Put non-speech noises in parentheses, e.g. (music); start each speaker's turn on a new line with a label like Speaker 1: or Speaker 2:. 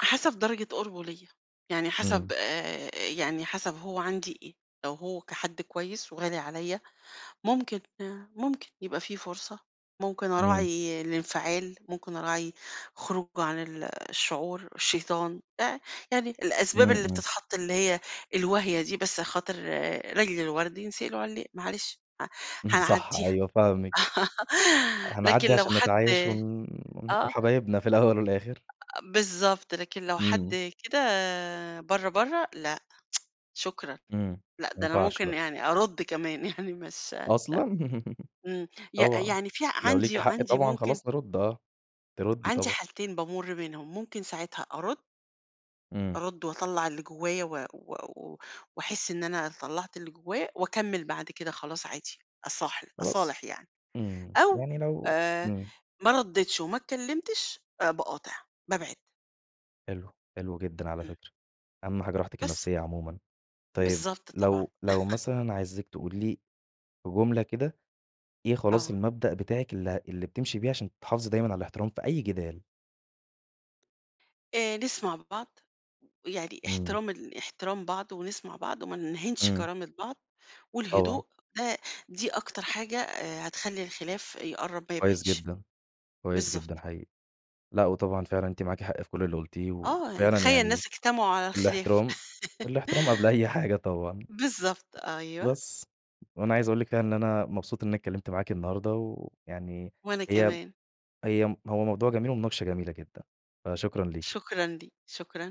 Speaker 1: حسب درجة قُربه ليَّ، يعني حسب
Speaker 2: إمم.
Speaker 1: آآ يعني حسب هو عندي إيه، لو هو كحد كويس وغالي عليَّ ممكن آآ ممكن يبقى في فرصة، ممكن
Speaker 2: إمم.
Speaker 1: أراعي الانفعال، ممكن أراعي خروجه عن ال الشعور، شيطان، آآ يعني الأسباب
Speaker 2: إمم،
Speaker 1: اللي
Speaker 2: إمم.
Speaker 1: بتتحط اللي هي الواهية دي بس خاطر لأجل الورد ينسقي العُليق، معلش، ه
Speaker 2: صح
Speaker 1: هنعديها.
Speaker 2: أيوه، فاهمِك.
Speaker 1: (laughs) لكن
Speaker 2: هنعدّي
Speaker 1: لو
Speaker 2: عشان
Speaker 1: حد
Speaker 2: نتعايش و
Speaker 1: آه.
Speaker 2: وحبايبنا في الأول والآخر.
Speaker 1: أ أ بالضبط، لكن لو
Speaker 2: إمم.
Speaker 1: حد كده برّه برّه، لأ، (tsk) شكرًا،
Speaker 2: إمم،
Speaker 1: لأ
Speaker 2: ما
Speaker 1: ده أنا
Speaker 2: ينفعش
Speaker 1: ممكن
Speaker 2: لأ.
Speaker 1: يعني أرُد كمان يعني مش لأ،
Speaker 2: أصلًا؟ (laughs)
Speaker 1: إمم، ي
Speaker 2: طبعًا.
Speaker 1: يعني في
Speaker 2: لو ليكِ
Speaker 1: عندي
Speaker 2: حق
Speaker 1: عندي
Speaker 2: طبعًا
Speaker 1: ممكن
Speaker 2: خلاص هارُد آه، ترُدي
Speaker 1: عندي
Speaker 2: طبعًا.
Speaker 1: حالتين بامُر منهم، ممكن ساعتها أرد.
Speaker 2: إمم.
Speaker 1: أرد وأطلّع اللي جوايا و و و وأحس إن أنا طلّعت اللي جوّايا وأكمل بعد كده خلاص عادي، أصالح-
Speaker 2: خلاص،
Speaker 1: أصالح يعني.
Speaker 2: إمم،
Speaker 1: أو
Speaker 2: يعني لو
Speaker 1: آآ
Speaker 2: إمم.
Speaker 1: ما رديتش وما اتكلمتش آآ باقاطع، بابعد.
Speaker 2: حلو، حلو جدًا على
Speaker 1: إمم.
Speaker 2: فكرة، أهم حاجة راحتِك
Speaker 1: بس.
Speaker 2: النفسية عمومًا. طيب
Speaker 1: بالضبط طبعًا.
Speaker 2: لو لو
Speaker 1: (laughs)
Speaker 2: مثلًا عايزِك تقولي لي جملة كده، إيه خلاص
Speaker 1: آه.
Speaker 2: المبدأ بتاعِك اللي ه اللي بتمشي بيه عشان تحافظي دايمًا على الاحترام في أي جدال؟
Speaker 1: آآ نسمع بعض، يعني
Speaker 2: إمم.
Speaker 1: احترام ال احترام بعض ونسمع بعض وما نهينش
Speaker 2: إمم.
Speaker 1: كرامة بعض
Speaker 2: طبعًا.
Speaker 1: والهدوء ده دي أكتر حاجة آآ هتخلّي الخلاف يقرب ما
Speaker 2: كويس
Speaker 1: يبعدش،
Speaker 2: جدًا، كويس جدًا
Speaker 1: بالضبط.
Speaker 2: حقيقي. لأ وطبعًا فعلًا أنتِ معاكِ حق في كل اللي قُلتيه
Speaker 1: آه،
Speaker 2: وفعلًا
Speaker 1: تخيل
Speaker 2: يعني
Speaker 1: الناس اجتمعوا على الخلاف،
Speaker 2: الاحترام الاحترام قبل أي حاجة
Speaker 1: (laughs)
Speaker 2: طبعًا.
Speaker 1: بالضبط أيوه.
Speaker 2: بس. وأنا عايز أقول لِك كده إن أنا مبسوط إن أنا اتكلمت معاكِ النهارده ويعني
Speaker 1: وأنا
Speaker 2: هي
Speaker 1: كمان.
Speaker 2: هي هو موضوع جميل ومناقشة جميلة جدًا، فشكرًا ليكِ.
Speaker 1: شكرًا ليك، شكرًا.